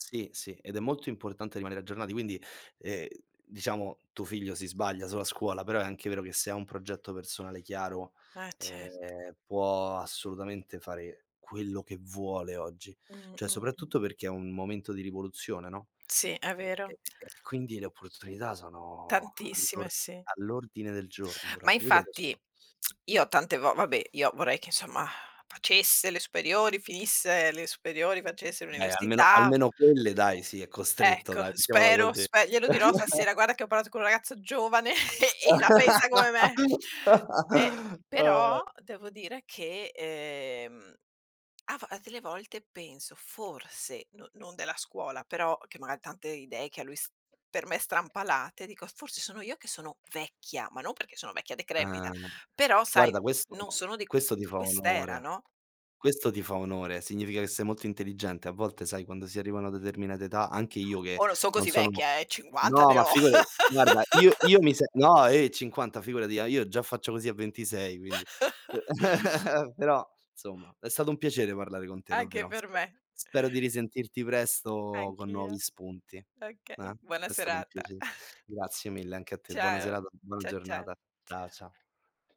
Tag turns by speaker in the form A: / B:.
A: Sì, sì, ed è molto importante rimanere aggiornati. Quindi, ehm, diciamo, tuo figlio si sbaglia sulla scuola, però è anche vero che se ha un progetto personale chiaro,
B: Eh cert
A: ehm, può assolutamente fare quello che vuole oggi.
B: Mh,
A: Cioè,
B: mh, mh.
A: soprattutto perché è un momento di rivoluzione, no?
B: Sì, è
A: E
B: vero.
A: e e e quindi le opportunità sono
B: Tantissime,
A: all'or
B: sì.
A: all'ordine del giorno
B: Ma
A: proprio. Io dove s
B: infatti io tante vo vabbè, io vorrei che, insomma, facesse le superiori, finisse le superiori, facesse
A: Eh, almeno
B: l'università
A: almeno quelle dai, sì, è costretto,
B: Ecco,
A: dai, mettiamola
B: spero,
A: così.
B: spe glielo dirò stasera: "Guarda che ho parlato con un ragazzo giovane e la pensa co me me". Eh, però devo dire che, ehm, a vo a delle volte penso "forse" no non della scuola, però che magari tante idee che a lui s per me strampalate, dico: "Forse sono io che sono vecchia". Ma non perché sono vecchia decrepita,
A: Ah,
B: però sai,
A: guarda, questo
B: non sono di
A: questo ti fa
B: quest'era,
A: onore.
B: no?
A: Questo ti fa onore. Significa che sei molto intelligente. A volte, sai, quando si arriva a una determinata età, anche io che
B: Oh, non son
A: non
B: così
A: sono
B: vecchia, eh, 50
A: no,
B: ne
A: ma
B: ho.
A: figurati. Guarda, io io mi se no, eh, 50 figurati, ah io già faccio così a 26, quindi. Però, insomma, è stato un piacere parlare con te,
B: Anche
A: davvero.
B: per
A: Spe
B: me.
A: spero di risentirti presto con nuovi
B: Anch'io.
A: spunti, eh.
B: Okay, buona
A: È stato un
B: serata.
A: piace grazie mille anche a te. Buona
B: Ciao.
A: serata, buona
B: Ciao, ciao.
A: giornata. Ciao,
B: Ciao
A: ciao.